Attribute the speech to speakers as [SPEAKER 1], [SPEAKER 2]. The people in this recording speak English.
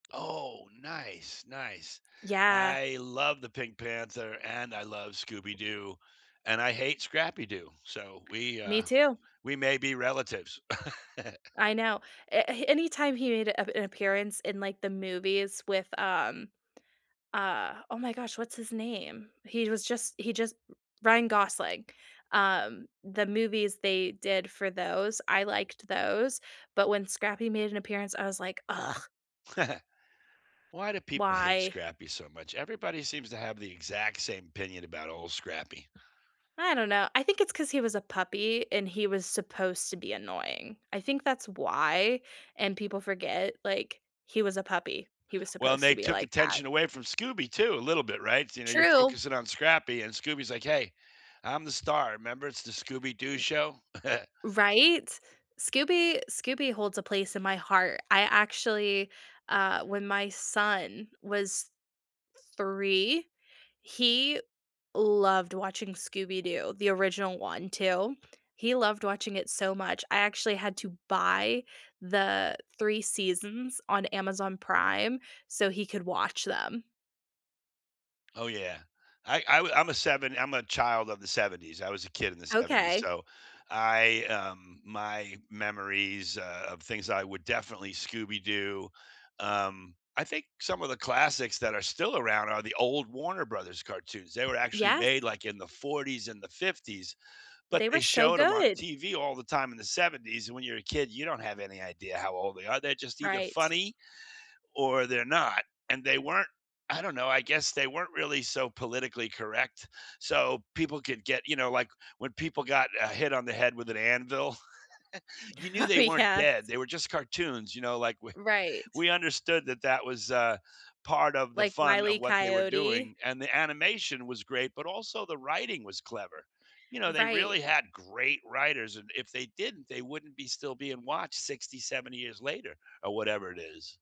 [SPEAKER 1] Oh, nice, nice.
[SPEAKER 2] Yeah.
[SPEAKER 1] I love the Pink Panther, and I love Scooby Doo, and I hate Scrappy Doo, so we,
[SPEAKER 2] Me
[SPEAKER 1] uh
[SPEAKER 2] too.
[SPEAKER 1] we may be relatives.
[SPEAKER 2] I know, a anytime he made ap an appearance in, like, the movies with, um, uh oh my gosh, what's his name? He was just he just Ryan Gosling. Um, the movies they did for those, I liked those, but when Scrappy made an appearance I was like, "Ugh."
[SPEAKER 1] Why do people hate
[SPEAKER 2] Why?
[SPEAKER 1] Scrappy so much, everybody seems to have the exact same opinion about old Scrappy.
[SPEAKER 2] I don't know, I think it's 'cause he was a puppy and he was supposed to be annoying. I think that's why, and people forget, like, he was a puppy, he was
[SPEAKER 1] Well, and
[SPEAKER 2] supposed
[SPEAKER 1] they
[SPEAKER 2] to be
[SPEAKER 1] took
[SPEAKER 2] like that.
[SPEAKER 1] attention away from Scooby too a little bit, right, so you know, you're
[SPEAKER 2] True.
[SPEAKER 1] focusing on Scrappy, and Scooby's like, "Hey, I'm the star, remember? It's the Scooby Doo
[SPEAKER 2] Eh, b
[SPEAKER 1] show?"
[SPEAKER 2] Right? Scooby Scooby holds a place in my heart. I actually uh, when my son was 3, he loved watching Scooby Doo, the original one too. He loved watching it so much, I actually had to buy the 3 seasons on Amazon Prime so he could watch them.
[SPEAKER 1] Oh, yeah. I I wa I'm a seven I'm a child of the ‘70s, I was a kid in the ‘70s,
[SPEAKER 2] Okay.
[SPEAKER 1] so I, um my memories, uh, of things that I would definitely Scooby Doo um, I think some of the classics that are still around are the old Warner Brothers cartoons. They were actually
[SPEAKER 2] Yes.
[SPEAKER 1] made, like, in the ‘40s and the ‘50s, but
[SPEAKER 2] They
[SPEAKER 1] they
[SPEAKER 2] were so
[SPEAKER 1] showed 'em on
[SPEAKER 2] good.
[SPEAKER 1] TV all the time in the ‘70s, and when you're a kid, you don't have any idea how old they are, they're just either
[SPEAKER 2] Right.
[SPEAKER 1] funny or they're not and they weren't. I don't know, I guess they weren't really so politically correct so people could get you know, like, when people got, uh, hit on the head with an anvil, you knew
[SPEAKER 2] Oh,
[SPEAKER 1] they weren't
[SPEAKER 2] yes.
[SPEAKER 1] dead, they were just cartoons, you know, like, we
[SPEAKER 2] Right.
[SPEAKER 1] we understood that that was, uh, part of the
[SPEAKER 2] Like,
[SPEAKER 1] fun
[SPEAKER 2] Wile
[SPEAKER 1] of
[SPEAKER 2] E.
[SPEAKER 1] what they were
[SPEAKER 2] Coyote?
[SPEAKER 1] doing, and the animation was great, but also the writing was clever. You know, they really
[SPEAKER 2] Right.
[SPEAKER 1] had great writers and if they didn't, they wouldn't be still being watched 60, 70 years later or whatever it is.